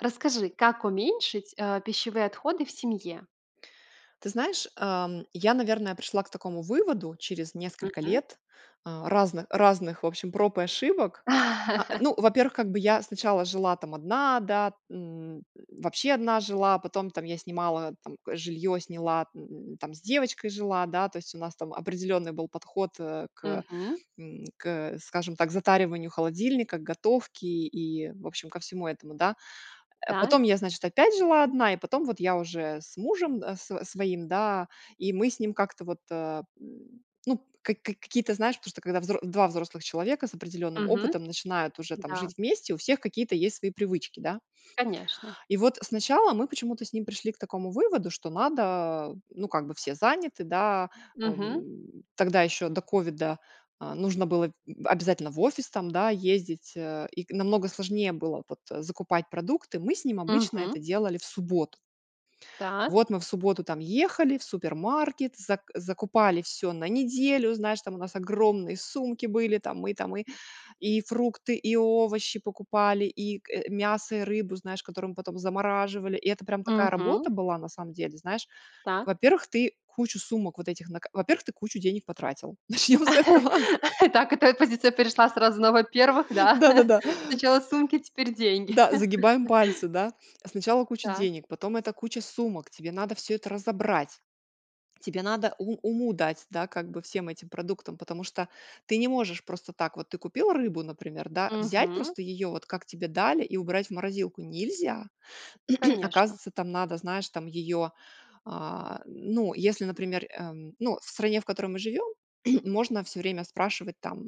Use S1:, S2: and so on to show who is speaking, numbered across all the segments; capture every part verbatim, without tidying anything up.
S1: Расскажи, как уменьшить, э, пищевые отходы в семье?
S2: Ты знаешь, эм, я, наверное, пришла к такому выводу через несколько
S1: Мгм.
S2: лет, э, разных разных в общем проб и ошибок. А, ну, во первых, как бы, я сначала жила, там, одна да, м, вообще одна жила, потом, там, я снимала, там, жилье сняла, м, там, с девочкой жила, да, то есть у нас там определенный был подход, э, к,
S1: Мгм.
S2: м, к, скажем так, затариванию холодильника, к готовке, и, в общем, ко всему этому, да. Э, потом
S1: Так.
S2: я, значит, опять жила одна и потом вот я уже с мужем да с своим, да. И мы с ним как-то вот, э, м, ну, ка ка какие-то, знаешь, потому что, когда взро два взрослых человека с определенным
S1: Мгм.
S2: опытом начинают уже там
S1: Да.
S2: жить вместе, у всех какие-то есть свои привычки, да.
S1: Конечно.
S2: И вот сначала мы почему-то с ним пришли к такому выводу, что надо, э, ну, как бы, все заняты, да. А,
S1: Мгм.
S2: м, тогда еще до ковида, а, нужно было, м, обязательно в офис, там, да, ездить, э, и к намного сложнее было, вот, закупать продукты. Мы с ним обычно это
S1: Мгм.
S2: делали в субботу.
S1: Так.
S2: Вот мы в субботу там ехали в супермаркет, зак закупали всё на неделю. Знаешь, там у нас огромные сумки были. Там мы там мы и фрукты, и овощи покупали и, э, мясо и рыбу, знаешь, которые мы потом замораживали. И это прям такая
S1: Мгм.
S2: работа была на самом деле, знаешь.
S1: Так.
S2: Во-первых, ты кучу сумок вот этих на ка во-первых, ты кучу денег потратил, начнем с этого.
S1: Так, эта позиция перешла сразу на во-первых, да?
S2: Да, да, да.
S1: Сначала сумки, теперь деньги.
S2: Да, загибаем пальцы, да. Сначала куча
S1: Так.
S2: денег, потом эта куча сумок. Тебе надо всё это разобрать. Тебе надо у уму дать, да, как бы, всем этим продуктам, потому что ты не можешь просто так. Вот ты купил рыбу, например, да, взять
S1: Мгм.
S2: просто ее, вот, как тебе дали, и убрать в морозилку нельзя.
S1: Конечно.
S2: Оказывается, там надо, знаешь, там ее, а, ну, если, например, эм, ну, в стране, в которой мы живем, можно всё время спрашивать там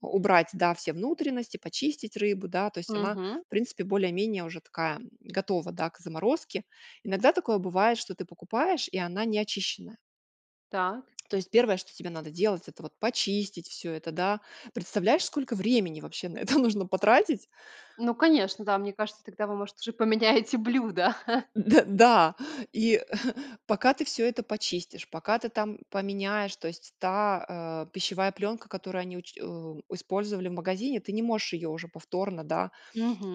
S2: убрать, да, все внутренности, почистить рыбу, да, то есть она,
S1: Мгм.
S2: в принципе, более-менее уже такая готова, да, к заморозке. Иногда такое бывает, что ты покупаешь, и она не очищенная.
S1: Так.
S2: То есть первое, что тебе надо делать это вот почистить всё это, да. Представляешь сколько времени, вообще, на это нужно потратить?
S1: Ну конечно, да. Мне кажется, тогда вы может уже поменяете блюдо.
S2: Мд да. И пока ты всё это почистишь, пока ты там поменяешь, то есть та, э, пищевая пленка, которую они уч у использовали в магазине, ты не можешь ее уже повторно, да.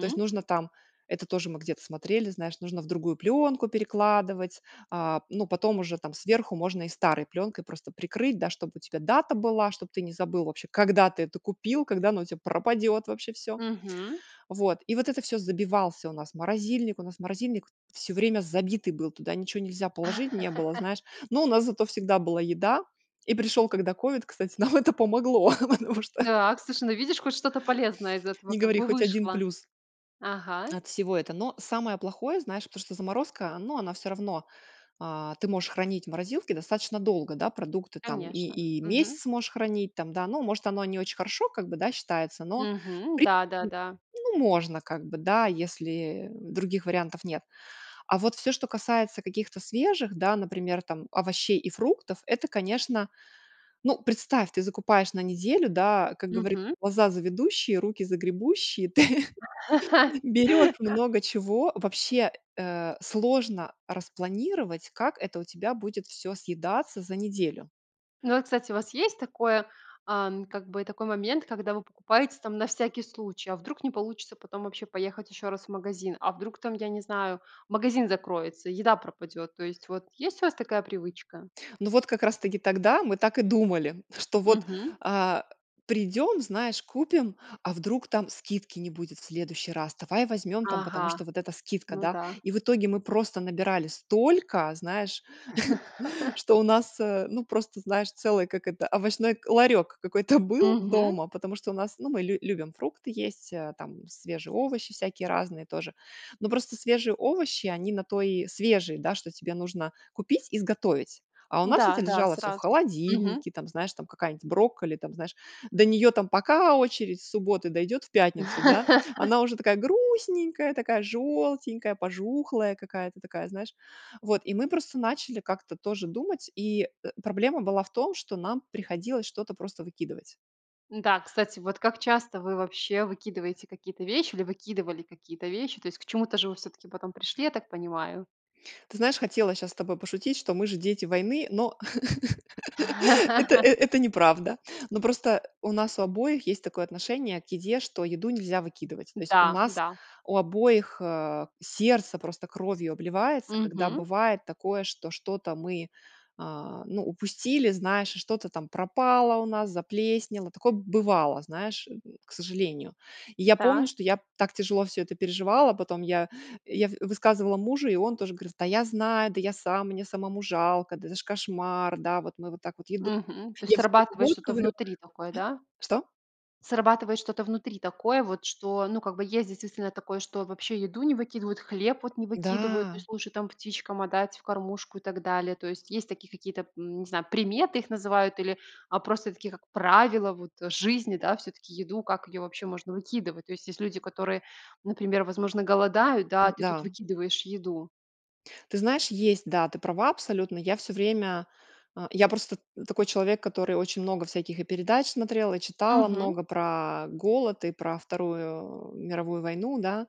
S2: То есть, нужно там, это тоже мы где-то смотрели, знаешь, нужно в другую пленку перекладывать, а, ну, потом уже, там, сверху можно и старой пленкой просто прикрыть, да, чтобы у тебя дата была, чтобы ты не забыл вообще когда ты это купил, когда оно у тебя пропадет вообще всё.
S1: Мгм.
S2: Вот, и вот это всё забивался у нас морозильник, у нас морозильник всё время забитый был, туда ничего нельзя положить не было, знаешь, но у нас зато всегда была еда. И пришел когда ковид, кстати, нам это помогло, потому что
S1: Так! сушай, ну видишь, хоть что-то полезное из этого,
S2: Не
S1: как
S2: говори,
S1: бы,
S2: хоть один
S1: вышло.
S2: плюс
S1: Ага.
S2: от всего это. Но самое плохое, знаешь, потому что заморозка, ну, она всё равно, а, ты можешь хранить в морозилке достаточно долго, да, продукты там и,
S1: Конечно.
S2: и
S1: Мгм.
S2: месяц можешь хранить там, да. Ну, может, оно не очень хорошо, как бы, да, считается, в
S1: Мгм.
S2: принципе,
S1: Да-да-да.
S2: ну можно, как бы, да, если, э, других вариантов нет. А вот всё, что касается каких-то свежих, да, например, там, овощей и фруктов это, конечно, ну, представь, ты закупаешь на неделю, да, как говорит,
S1: Мгм.
S2: глаза завидущие, руки загребущие. Ты берешь много чего. Вообще, э, сложно распланировать, как это у тебя будет всё съедаться за неделю.
S1: Ну и, кстати, у вас есть такое, ам, как бы, такой момент, когда вы покупаете, там, на всякий случай. А вдруг не получится потом вообще поехать еще раз в магазин? А вдруг там, я не знаю, магазин закроется, еда пропадет? То есть вот есть у вас такая привычка?
S2: Ну вот, как раз таки тогда, мы так и думали, что вот,
S1: Мгм.
S2: а, придем, знаешь, купим, а вдруг там скидки не будет в следующий раз. Давай возьмем там,
S1: Ага,
S2: потому что вот эта скидка,
S1: ну
S2: да.
S1: да.
S2: И в итоге мы просто набирали столько, знаешь, что у нас, э, ну просто знаешь целый, как это, овощной к ларек какой-то был
S1: Мгм.
S2: дома. Потому что у нас ну мы лю любим фрукты есть, э, там, свежие овощи всякие разные тоже, но просто свежие овощи они на то и свежие да, что тебе нужно купить и сготовить. А у нас это
S1: Да, да,
S2: лежало всё в
S1: сразу. Мгм.
S2: холодильнике, там, знаешь, там, какая-нибудь брокколи, там, знаешь, до нее там пока очередь с субботы дойдет в пятницу, да. Она уже такая грустненькая, такая желтенькая, пожухлая какая-то такая, знаешь, вот, и мы просто начали как-то тоже думать и, э, проблема была в том, что нам приходилось что-то просто выкидывать.
S1: М-да, кстати, вот как часто вы вообще выкидываете какие-то вещи, или выкидывали какие-то вещи? То есть к чему-то же вы всё-таки потом пришли, я так понимаю.
S2: Ты знаешь, хотела щас с тобой пошутить, что мы же дети войны, но это, э, это неправда. Но просто у нас у обоих есть такое отношение к еде, что еду нельзя выкидывать. То есть, у
S1: Да,
S2: нас
S1: да.
S2: у обоих, э, сердце просто кровью обливается, когда
S1: Мгм.
S2: бывает такое, что что-то мы, а, ну, упустили, знаешь, что-то там пропало у нас, заплеснело. Такое бывало, знаешь, м, к сожалению. И я помню,
S1: Так.
S2: что я так тяжело всё это переживала. Потом я, я в высказывала мужу, и он тоже говорит: "Да я знаю, да я сам, мне самому жалко, да это ж кошмар, да, вот мы вот так вот еду".
S1: Мгм. То есть,
S2: Я всё время,
S1: срабатывает
S2: вот,
S1: что-то
S2: говорю
S1: внутри такое, да?
S2: А, что?
S1: Срабатывает что-то внутри такое, вот, что, ну как бы, есть, действительно такое, что вообще еду не выкидывают, хлеб, вот, не выкидывают, то
S2: Да.
S1: есть, лучше, там, птичкам отдать, в кормушку, и так далее. То есть, есть такие какие-то м, н не знаю, приметы их называют или, э, просто такие как правила, вот, жизни, да. Вот всё-таки, еду, как ее вообще можно выкидывать? То есть, есть люди, которые, например, возможно, голодают, да, а ты тут
S2: Н-да.
S1: выкидываешь еду.
S2: Ты знаешь, есть. Да, ты права абсолютно. Я всё время. Э, я просто т такой человек, который очень много всяких и передач смотрела, и читала
S1: Мгм.
S2: много про голод, и про Вторую м Мировую войну, да,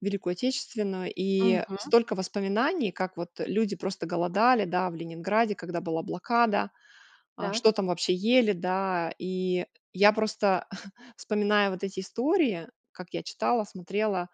S2: Великую Отечественную. И
S1: Мгм.
S2: столько воспоминаний, как вот люди просто голодали, да, в Ленинграде, когда была блокада, а, что
S1: Так.
S2: там вообще ели, да. И я просто вспоминаю вот эти истории, как я читала, смотрела.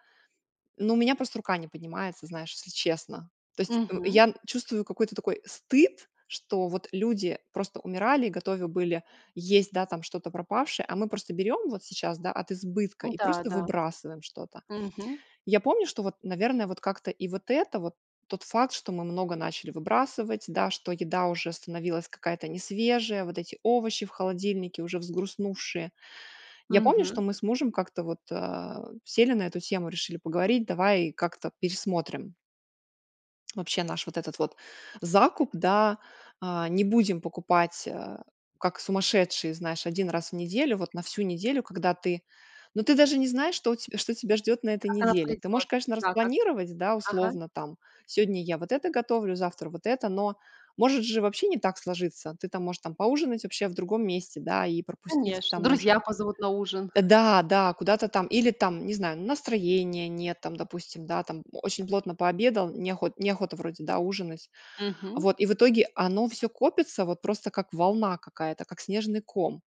S2: Ну у меня просто рука не поднимается знаешь, если честно. То есть, э,
S1: Мгм.
S2: я чувствую какой-то такой стыд, что вот люди просто умирали и готовы были есть, да там, что-то пропавшее, а мы просто берем вот сейчас, да, от избытка и
S1: Н-да,
S2: просто
S1: да.
S2: выбрасываем что-то.
S1: Мгм.
S2: Я помню, что вот, наверное, вот как-то и вот это вот, тот факт, что мы много начали выбрасывать, да, что еда уже становилась какая-то несвежая, вот эти овощи в холодильнике уже взгрустнувшие. Я помню, что
S1: Мгм.
S2: мы с мужем как-то вот, а, сели на эту тему, решили поговорить. Давай как-то пересмотрим вообще наш вот этот вот закуп, да. А, не будем покупать э, как сумасшедшие, знаешь, один раз в неделю, вот на всю неделю, когда ты, но ты даже не знаешь, что у те что тебя ждет на этой
S1: Как оно
S2: неделе. Ты можешь,
S1: пойдет.
S2: конечно,
S1: Да, как.
S2: распланировать, да,
S1: Ага.
S2: условно, там сегодня я вот это готовлю, завтра вот это, но может же вообще не так сложиться. Ты там, можешь там поужинать вообще в другом месте, да, и пропустить
S1: Конечно.
S2: там ужин.
S1: Друзья позовут на ужин.
S2: Да, да, куда-то там, или, там, не знаю, настроения нет, там, допустим, да там, очень плотно пообедал не охот не охота вроде да ужинать.
S1: Мгм.
S2: Вот и в итоге оно всё копится вот просто как волна какая-то, как снежный ком.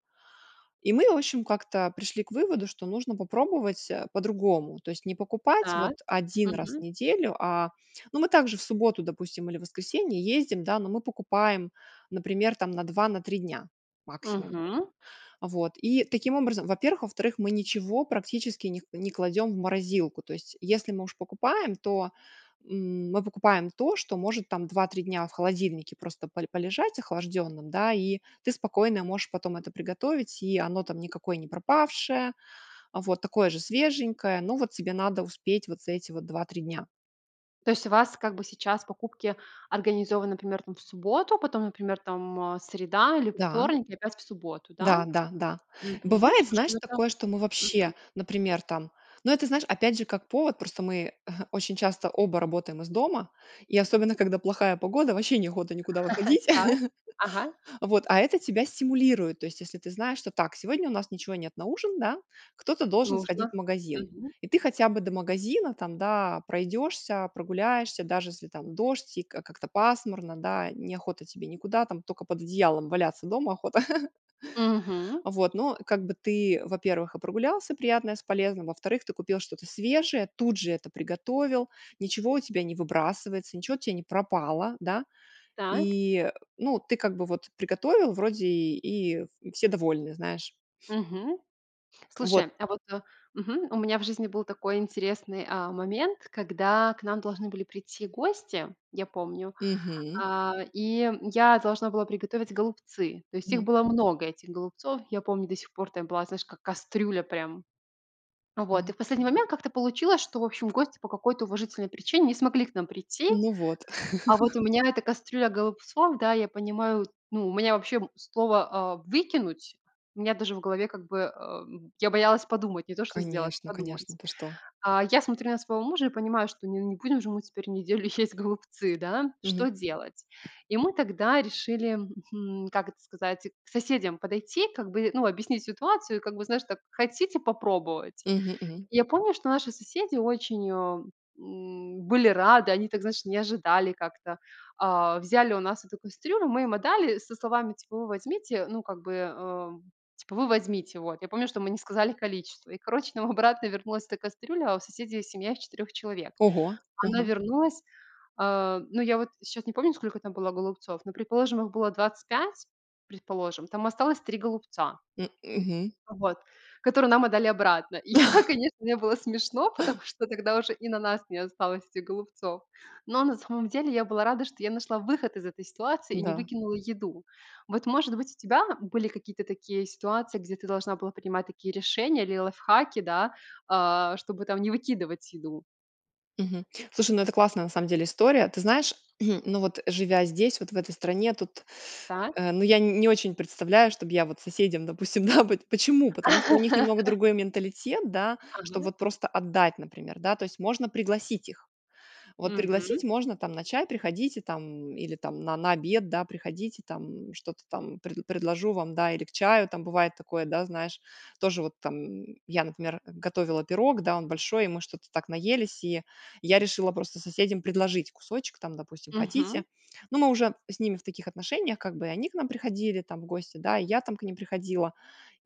S2: И мы в общем как-то пришли к выводу, что нужно попробовать, э, по-другому. То есть не покупать
S1: Так.
S2: вот один раз в
S1: Мгм.
S2: неделю, а, ну мы также в субботу допустим или воскресенье ездим, да. Но мы покупаем например там на два, на три дня, максимум.
S1: Мгм.
S2: Вот, и таким образом, во-первых, во-вторых мы ничего практически не к не кладем в морозилку. То есть, если мы у ж покупаем, то, м, мы покупаем то, что может, там, два-три дня в холодильнике просто поль полежать охлажденным, да. И ты спокойно можешь потом это приготовить, и оно там никакое не пропавшее, вот, такое же свеженькое. Но вот тебе надо успеть вот за эти вот два-три дня.
S1: То есть у вас, как бы, сейчас покупки организованы, например, там, в субботу, потом, например, там, э, среда или
S2: Да.
S1: вторник, и опять в субботу, да?
S2: Да-да-да.
S1: Мгм.
S2: Бывает
S1: Слушай,
S2: знаешь
S1: ну это
S2: такое что мы вообще,
S1: Мгм.
S2: например, там, но это знаешь опять же как повод просто мы очень часто оба работаем из дома и особенно когда плохая погода ваще неохота никуда выходить.
S1: Так. Ага.
S2: Вот, а это тебя стимулирует, то есть если ты знаешь, что так сегодня у нас ничего нет на ужин, да, кто-то должен сходить
S1: Нужно.
S2: в магазин,
S1: Мгм.
S2: и ты хотя бы до магазина, там, да, пройдешься, прогуляешься, даже если там дождь и как как-то пасмурно, да, не охота тебе никуда, там, только под одеялом дома охота.
S1: Мгм.
S2: Вот. Ну, как бы, ты, во-первых, и прогулялся приятное с полезным, во-вторых, ты купил что-то свежее, тут же это приготовил, ничего у тебя не выбрасывается, ничего у тя не пропало, да.
S1: Так.
S2: И ну ты как бы вот приготовил вроде и все довольны, знаешь.
S1: Мгм.
S2: Вот.
S1: Слушай, а вот Мгм. У меня в жизни был такой интересный, э, момент, когда к нам должны были прийти гости, я помню,
S2: Мгм.
S1: э, и, м, я должна была приготовить голубцы. То есть, их
S2: М.
S1: было много, этих голубцов. Я помню до сих пор там была, знаешь, как кастрюля прям. Вот. И
S2: Мгм.
S1: в последний момент как-то получилось, что в общем гости по какой-то уважительной причине не смогли к нам прийти.
S2: Ну вот.
S1: А вот у меня эта кастрюля голубцов, да, я понимаю, ну, у меня вообще слово, э, "выкинуть", у меня даже в голове как бы, э, м, я боялась подумать, не то, что сделать,
S2: Конечно,
S1: подумать.
S2: конечно, ты что.
S1: Э, я смотрю на своего мужа и понимаю, что ну не будем же мы теперь неделю есть голубцы, да.
S2: Мгм.
S1: Что делать? И мы тогда решили, м, как это сказать, к соседям подойти, как бы, ну, объяснить ситуацию и как бы, знаешь, так: "Хотите попробовать?"
S2: Мгм мгм.
S1: Я помню, что наши соседи очень, э, м, были рады. Они так, знаешь, не ожидали как-то. Э, взяли у нас эту кастрюлю. Мы им отдали со словами, типа вы возьмите, ну как бы, э, типа, вы возьмите. Вот. Я помню, что мы не сказали количество. И, короче, нам обратно вернулась эта кастрюля, а у соседей семья из 4 четырех человек.
S2: Ого,
S1: Она
S2: ага.
S1: вернулась. Э, ну я вот, щас не помню, сколько там было голубцов, но, предположим, их было двадцать пять, предположим, там осталось три голубца
S2: М мгм.
S1: вот, которые нам отдали обратно. И я, конечно, мне было смешно, потому что тогда уже и на нас не осталось этих голубцов. Но на самом деле я была рада, что я нашла выход из этой ситуации, и не
S2: Да.
S1: выкинула еду. Вот, может быть, у тебя были какие-то такие ситуации, где ты должна была принимать такие решения или лайфхаки, да, э, чтобы, там, не выкидывать еду?
S2: Мгм. Слушай, ну это классная на самом деле история. Ты знаешь, ну вот живя здесь вот в этой стране тут,
S1: Так.
S2: э, ну я не очень представляю, чтобы я вот соседям, допустим. Да, вот, почему? Потому что у них немного другой менталитет, да. Что,
S1: Ага.
S2: вот просто отдать, например, да. То есть можно пригласить их. Вот пригласить
S1: Мгм.
S2: можно, там, на чай. Приходите там, или там на на обед, да, приходите, там. Что-то там пред предложу вам, да, или к чаю там. Бывает такое, да, знаешь тоже, вот там я например готовила пирог, да он большой, и мы что-то так наелись и я решила просто соседям предложить кусочек. Там, допустим, хотите?
S1: Мгм.
S2: Ну мы уже с ними в таких отношениях, как бы, и они к нам приходили там в гости, да, я там к ним приходила.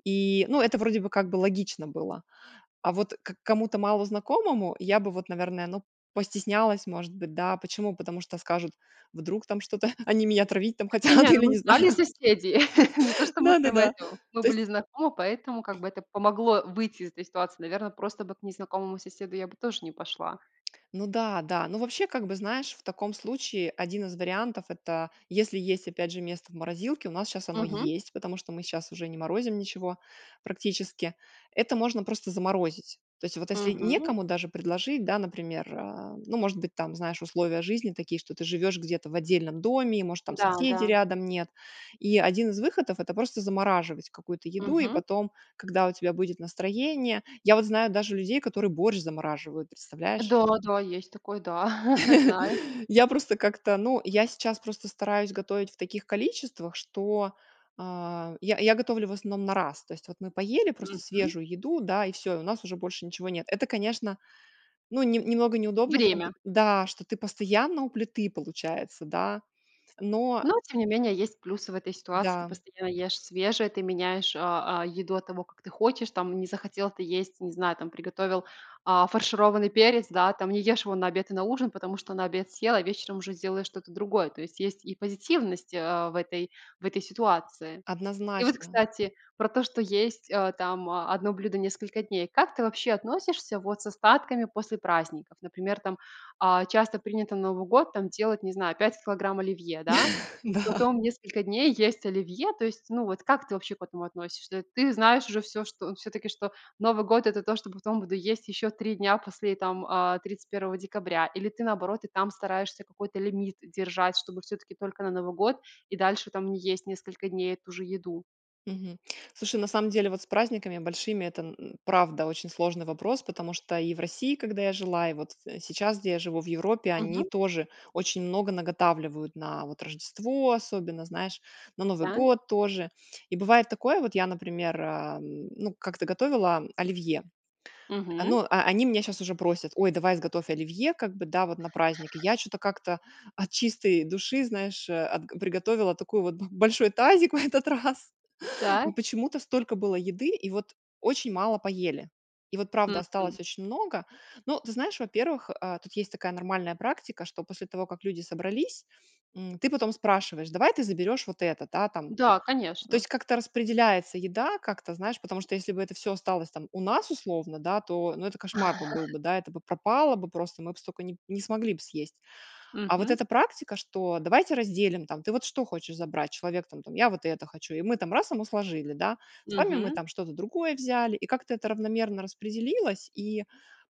S2: И ну это вроде бы как бы логично было. А вот к кому-то малознакомому, я бы вот наверное, ну постеснялась может быть, да. Почему? Потому что скажут, вдруг там что-то, они меня отравить там
S1: Не
S2: хотят
S1: не, ну
S2: или
S1: мы
S2: не знаю.
S1: знали соседей. Не то, что мы прямо
S2: Да-да-да.
S1: это. Мы
S2: То есть.
S1: были знакомы, поэтому, как бы, это помогло выйти из этой ситуации. Наверное, просто бы к незнакомому соседу я бы тоже не пошла.
S2: Ну да, да, ну вообще как бы знаешь в таком случае один из вариантов- это если есть опять же место в морозилке, у нас щас оно
S1: Мгм.
S2: есть, потому что мы щас уже не морозим ничего практически. Это можно просто заморозить. То есть вот если
S1: Мгм.
S2: некому даже предложить, да, например, э, ну может быть, там, знаешь, условия жизни такие, что ты живешь где-то в отдельном доме, и может там
S1: Да,
S2: соседей
S1: да.
S2: рядом нет. И один из выходов это просто замораживать какую-то еду и
S1: Мгм.
S2: потом, когда у тебя будет настроение. Я вот знаю даже людей, которые борщ замораживают, представляешь?
S1: Да, да, есть такое, да. Знаю.
S2: Я просто как-то ну я сейчас просто стараюсь готовить в таких количествах, что, э, я я готовлю в основном на раз. То есть вот мы поели просто
S1: Мгм.
S2: свежую еду, да и всё, у нас уже больше ничего нет. Это конечно, ну не немного неудобно, в том плане,
S1: Время.
S2: да что ты постоянно у плиты получается, да. Но
S1: Ну, тем не менее, есть плюсы в этой ситуации. Ты
S2: Да.
S1: постоянно ешь свежее, ты меняешь, э, э, еду от того, как ты хочешь, там, не захотел ты есть, не знаю, там приготовил, э, фаршированный перец, да, там, не ешь его на обед и на ужин, потому что на обед съел, а вечером уже сделаешь что-то другое. То есть есть и позитивность, э, в этой в этой, ситуации. И вот
S2: Однозначно.
S1: кстати про то, что есть, э, там, э, одно блюдо несколько дней. Как ты вообще относишься, вот, с остатками после праздников? Например, там, э, часто принято на Новый год, там, делать, не знаю, пять килограмм оливье, да, и
S2: Да.
S1: потом несколько дней есть оливье. То есть, ну, вот, как ты вообще к этому относишься? Ты знаешь уже всё, что, всё-таки, что Новый год это то, что потом буду есть еще три дня после, там, э, тридцать первого декабря, или ты наоборот и там стараешься какой-то лимит держать, чтобы всё-таки только на Новый год и дальше там не есть несколько дней эту же еду?
S2: Мгм. Слушай, на самом деле вот с праздниками большими это, м м, правда очень сложный вопрос, потому что и в России, когда я жила и вот сейчас где я живу в Европе они
S1: Мгм.
S2: тоже очень много наготавливают на, вот, Рождество, особенно, знаешь, на Новый
S1: Так.
S2: год тоже. И бывает такое, вот я, например, э, м, ну, как-то готовила оливье.
S1: Мгм.
S2: Оно, э, они меня сейчас уже просят, ой, давай сготовь оливье, как бы да вот на праздник. И, я чё-то как-то от чистой души, знаешь, э, от, приготовила такой, вот, б большой тазик в этот раз. И
S1: Так.
S2: почему-то столько было еды и вот очень мало поели. И вот правда осталось
S1: Мгм.
S2: очень много. Но ты знаешь, во-первых, э, тут есть такая нормальная практика, что после того как люди собрались, м, ты потом спрашиваешь, давай ты заберешь вот это, да, там.
S1: Да,
S2: То
S1: конечно.
S2: есть как-то распределяется еда, как-то знаешь, потому что если бы это всё осталось, там, у нас, условно, да, то, ну это кошмар бы был бы, да. Это бы пропало бы просто, мы б столько не п не смогли б съесть. А вот
S1: Мгм.
S2: эта практика, что давайте разделим, там. Ты вот что хочешь забрать? Человек там, там, я вот это хочу и мы там раз ему сложили, да. Сами мы
S1: Мгм.
S2: там что-то другое взяли и как-то это равномерно распределилось. И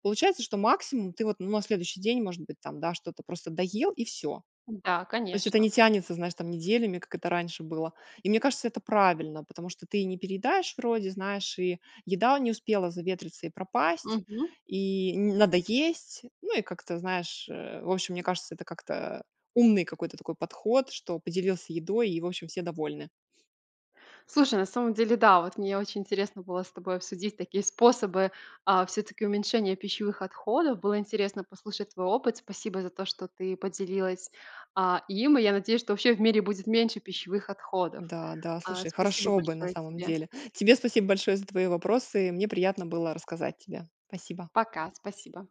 S2: получается, что максимум ты вот ну на следующий день может быть там, да, что-то просто доел, и всё.
S1: Да,
S2: То есть это не
S1: конечно.
S2: тянется, знаешь, там неделями, как это раньше было. И мне кажется, это правильно, потому что ты не переедаешь вроде, знаешь, и еда не успела заветриться и пропасть,
S1: Мгм.
S2: и не надо есть. Ну и как-то знаешь, э, в общем, мне кажется, это как-то, э, умный какой-то такой подход, что поделился едой, и в общем все довольны.
S1: Слушай, на самом деле да, вот мне очень интересно было с тобой обсудить такие способы, э, всё-таки уменьшения пищевых отходов. Было интересно послушать твой опыт. Спасибо за то, что ты поделилась, а, им. И я надеюсь, что вообще в мире будет меньше пищевых отходов.
S2: Да, да,
S1: Э,
S2: слушай
S1: спасибо
S2: хорошо бы на
S1: большое
S2: самом
S1: тебе!
S2: деле. Тебе спасибо большое за твои вопросы, мне приятно было рассказать тебе. Спасибо.
S1: Пока. Спасибо.